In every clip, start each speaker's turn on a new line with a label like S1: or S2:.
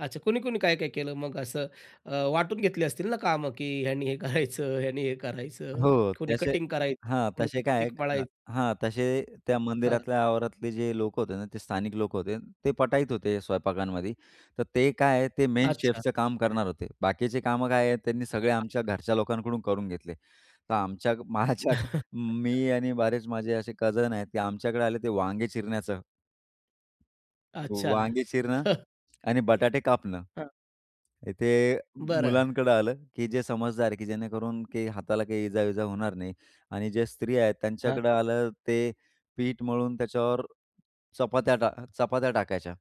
S1: अच्छा, कुणी-कुणी, काय-काय केलं मग असं अ, वाटून घेतले असतील ना कामं, की ह्यांनी हे करायचं, ह्यानी हे करायचं,
S2: हो
S1: कोणी
S2: त्याचे
S1: कटिंग करायचं
S2: हां,
S1: कोणी
S2: तसे काय
S1: पिक
S2: आहे का
S1: मळायचं
S2: हां. तसे त्या
S1: हां.
S2: मंदिरातल्या आवारातले जे लोकं होते ना, ते स्थानिक लोक होते. ते पटाईत होते स्वयंपाकांमध्ये. तर ते काय आहे, ते मेन
S1: अच्छा.
S2: शेफचं काम करणार होते. बाकीची कामं काय आहेत, त्यांनी सगळे आमच्या
S1: [unintelligible]
S2: घरच्या लोकांकडून करून घेतले. तर आमच्याग माझ्याआधी
S1: अच्छा.
S2: मी आणि बरेचं माझे असे कझन आहेत, की आमच्याकडे आले ते वांगे चिरण्याचं.
S1: अच्छा.
S2: वांगे चिरणं आणि बटाटे कापणं.
S1: हां.
S2: हे अ,
S1: बरं.
S2: मुलांकडं आलं, की जे समजदार आहे, की जेणेकरून की हाताला काही इजा-विजा होणार नाही. आणि ज्या स्त्रिया आहेत
S1: हां.
S2: त्यांच्याकडं आलं, ते पीठ मळून त्याच्यावर चपात्या टा चपात्या टाकायच्या.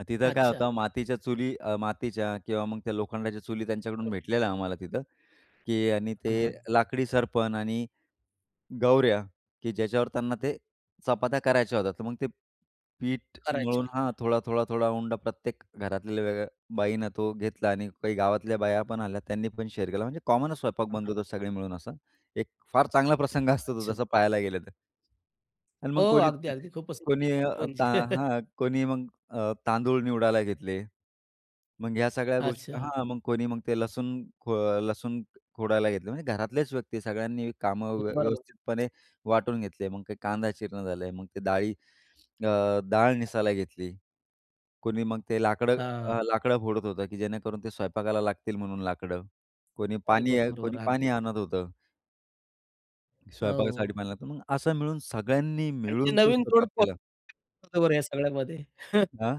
S2: मग तिथं काय
S1: अच्छा.
S2: होतं, मातीच्या चुली, अ, मातीच्या किंवा मग त्या लोखंडाच्या चुली
S1: तर.
S2: त्यांच्याकडून भेटलेल्या आम्हाला तिथं, की आणि ते
S1: हां, हां.
S2: लाकडी सर्पण आणि गवऱ्या, की ज्याच्यावर त्यांना ते चपात्या करायच्या होत्या. तर मग ते पीठ
S1: करायचे
S2: मळून
S1: होते.
S2: हां, थोडा, थोडा, थोडा उंडा प्रत्येक घरात वेगळ्या बाईनं तो घेतला आणि काही गावातल्या बाया पण आल्या, त्यांनी पण शेअर केला, म्हणजे कॉमनच स्वयंपाक बनत होता सगळे मिळून असं, एक फार चांगला प्रसंग असतो तो,
S1: अच्छा.
S2: जसा पाहायला गेलं तर. आणि
S1: हो,
S2: मग कोणी
S1: अगदी, अगदी खूप पसंद
S2: कोणी
S1: आहे
S2: अ, ता
S1: म्हणजे
S2: हां, कोणी मग अ, तांदूळ निवडायला घेतले. मग ह्या सगळ्या गोष्टी
S1: अच्छा.
S2: हां, मग कोणी मग ते लसूण खो अ, लसूण खोडायला घेतले, म्हणजे घरातलेच व्यक्ती सगळ्यांनी कामं
S1: हं,
S2: व्य
S1: बरोबर.
S2: व्यवस्थितपणे वाटून घेतले. मग ते कांदा चिरण झालं आहे, मग ते डाळी अ, डाळ निसायला घेतली. कोणी मग ते लाकडं
S1: हां.
S2: अ, लाकडं फोडत होतं, की जेणेकरून ते स्वयंपाकाला लागतील म्हणून लाकडं, कोणी
S1: तॉरिब
S2: पाणी
S1: बरोबर
S2: कोणी
S1: आहे
S2: पाणी
S1: अगदी.
S2: आणत होतं. स्वयंपाकासाठी
S1: अहो.
S2: पाणी लागतं म्हणून असं मिळून सगळ्यांनी
S1: आणि ती
S2: मिळून तो
S1: नवीन
S2: स्वयंपाक
S1: जोडपं
S2: केला.
S1: [unintelligible] बरं या सगळ्यामध्ये?
S2: दा